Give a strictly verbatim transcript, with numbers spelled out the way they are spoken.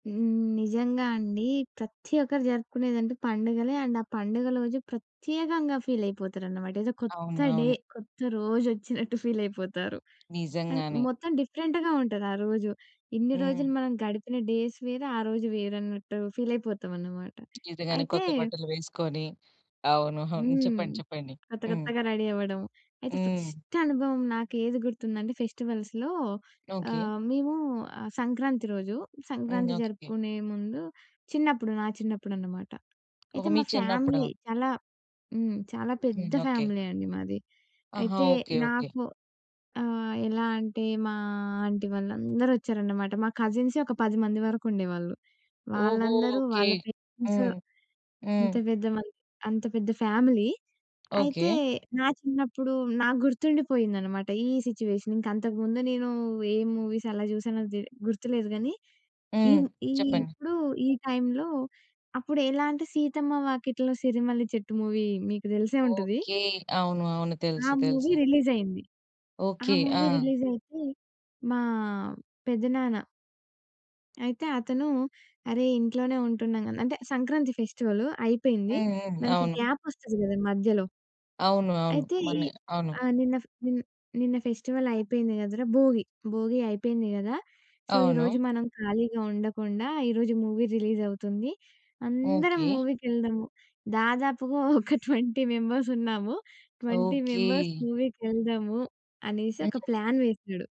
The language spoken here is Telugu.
హ్మ్. నిజంగా అండి. ప్రతి ఒక్కరు జరుపుకునేదంటే పండుగలే. అండ్ ఆ పండుగ రోజు ప్రత్యేకంగా ఫీల్ అయిపోతారనమాట. ఏదో కొత్త అవును, డే, అవును. కొత్త రోజు వచ్చినట్టు ఫీల్ అయిపోతారు. అండ్ నిజంగానే. మొత్తం డిఫరెంట్‌గా ఉంటది ఆ రోజు. ఇన్ని రోజులు హ్మ్. మనం గడిపిన డేస్ వేరే, ఆ రోజు వేరు అన్నట్టు ఫీలయిపోతామన్నమాట. నిజంగానే అయితే కొత్త బట్టలు వేసుకొని, అవును. హ్మ్. చెప్పండి చెప్పండి. కొత్త హ్మ్. కొత్తగా రెడీ అవ్వడం. అయితే హ్మ్. ఫస్ట్ అనుభవం నాకు ఏది గుర్తుందంటే, ఫెస్టివల్స్‌లో. ఓకే. ఆహ్, మేము సంక్రాంతి రోజు, హ్మ్. సంక్రాంతి ఓకే. జరుపుకునే ముందు, చిన్నప్పుడు నా చిన్నప్పుడనమాట. ఒక అయితే, మీ మా చిన్నప్పుడా? ఫ్యామిలీ చాలా హ్మ్. చాలా హ్మ్. పెద్ద ఓకే. ఫ్యామిలీ అండి మాది. ఆహా! అయితే ఓకే. ఓకే. నాకు ఆహ్, ఎలా అంటే మా ఆంటీ వాళ్ళందరూ వచ్చారన్నమాట. మా కజిన్సే ఒక పది మంది వరకు ఉండేవాళ్ళు. ఓహో! వాళ్ళందరూ ఓకే. వాళ్ళ పేరెంట్స్ హ్మ్. హ్మ్. అంత పెద్ద మంది అంత పెద్ద ఫ్యామిలీ. అయితే ఓకే. నా చిన్నప్పుడు నాకు గుర్తుండిపోయిందన్నమాట. ఈ సిట్యుయేషన్ ఇంకా అంతకు ముందు నేను ఏ మూవీస్ ఎలా చూసానో దె గుర్తులేదు గానీ, ఈ హ్మ్. ము ఈ చెప్పండి. ఇప్పుడు ఈ టైమ్‌లో అప్పుడు ఎలా అంటే, 'సీతమ్మ వాకిట్లో సిరిమల్లి చెట్టు' మూవీ మీకు తెలిసే ఉంటది. ఓకే. అవును, అవును. ఆ తెలుసు, మూవీ తెలుసు. రిలీజ్ అయింది. ఆ ఓకే. మూవీ ఆ! రిలీజ్ అయితే, మా పెద్దనాన్న అయితే అతను "అరే! ఇంట్లోనే ఉంటున్నాం" అంటే సంక్రాంతి ఫెస్టివల్ అయిపోయింది. హ్మ్, హ్మ్. మనకి అవును. గ్యాప్ వస్తది కదా! మధ్యలో. అవును, అవును. అయితే ఈ మొన్నే, అవును. ఆహ్, నిన్న ఫ "నిన్న ఫెస్టివల్ అయిపోయింది కదరా! భోగి, భోగి అయిపోయింది కదా! సో అవును. ఈరోజు మనం ఖాళీగా ఉండకుండా, ఈరోజు మూవీ రిలీజ్ అవుతుంది. అందరం ఓకే. మూవీ‌కెళ్దాము." దాదాపుగా ఒక ట్వెంటీ మెంబర్స్ ఉన్నాము. "Twenty okay. మెంబర్స్ మూవీ‌కి వెళ్దాము" అనేసి ఒక హ్మ్. ప్లాన్ వేసాడు.